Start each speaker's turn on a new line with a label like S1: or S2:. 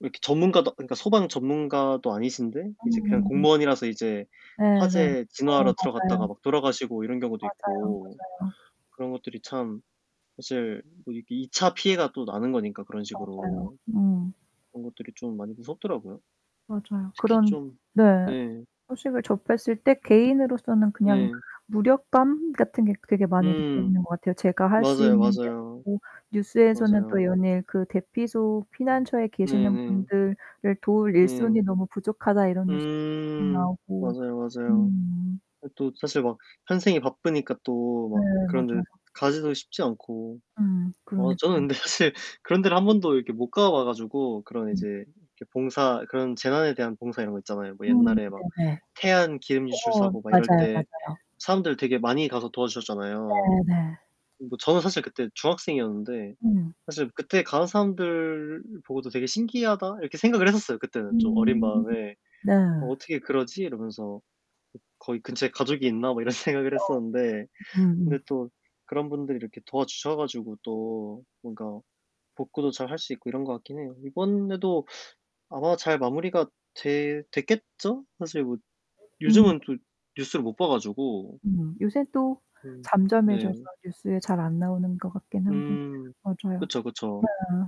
S1: 이렇게 전문가도, 그니까 소방 전문가도 아니신데 이제 그냥
S2: 어.
S1: 공무원이라서 이제
S2: 네네.
S1: 화재
S2: 어
S1: 진화하러 들어갔다가
S2: 맞아요.
S1: 막 돌아가시고 이런 경우도
S2: 맞아요,
S1: 있고
S2: 맞아요.
S1: 그런 것들이 참 사실 뭐 이렇게 2 차 피해가 또 나는 거니까 그런
S2: 맞아요.
S1: 식으로.
S2: 음.
S1: 그런 것들이 좀 많이 무섭더라고요.
S2: 맞아요.
S1: 특히
S2: 그런
S1: 좀
S2: 네.
S1: 네.
S2: 소식을 접했을 때 개인으로서는 그냥
S1: 네.
S2: 무력감 같은 게 되게 많이
S1: 음.
S2: 느껴지는 것 같아요. 제가 할 수
S1: 맞아요,
S2: 있는 게
S1: 맞아요.
S2: 없고 뉴스에서는 또
S1: 맞아요.
S2: 연일 그 대피소 피난처에 계시는
S1: 네네.
S2: 분들을 도울 일손이
S1: 음.
S2: 너무 부족하다 이런 뉴스
S1: 음
S2: 나오고.
S1: 맞아요, 맞아요.
S2: 음.
S1: 예 또 사실 막 현생이 바쁘니까 또
S2: 네
S1: 막 그런
S2: 맞아요.
S1: 데 가기도 쉽지 않고.
S2: 음
S1: 어 저는
S2: 그러니까요.
S1: 근데 사실 그런 데를 1 번도 이렇게 못 가봐 가지고 그런
S2: 음.
S1: 이제 이렇게 봉사 그런 재난에 대한 봉사 이런 거 있잖아요. 뭐
S2: 음
S1: 옛날에 막
S2: 네네.
S1: 태안 기름 유출
S2: 어
S1: 사고 막 이럴
S2: 맞아요,
S1: 때
S2: 맞아요.
S1: 사람들 되게 많이 가서 도와주셨잖아요.
S2: 네네.
S1: 뭐 저는 사실 그때 중학생이었는데
S2: 음.
S1: 사실 그때 가는 사람들 보고도 '되게 신기하다.' 이렇게 생각을 했었어요, 그때는 좀 어린
S2: 음.
S1: 마음에.
S2: 네.
S1: '어 어떻게 그러지?' 이러면서 '거기 근처에 가족이 있나?' 뭐 이런 생각을
S2: 어.
S1: 했었는데
S2: 음음.
S1: 근데 또 그런 분들이 이렇게 도와주셔 가지고 또 뭔가 복구도 잘할 수 있고 이런 것 같긴 해요. 이번에도 아마 잘 마무리가 돼 됐겠죠? 사실 뭐
S2: 음.
S1: 요즘은 또 뉴스를 못 봐 가지고.
S2: 음 요새 또
S1: 음
S2: 잠잠해져서
S1: 네.
S2: 뉴스에 잘 안나오는 것 같긴 한데.
S1: 음.
S2: 맞아요.
S1: 그쵸, 그쵸.
S2: 네.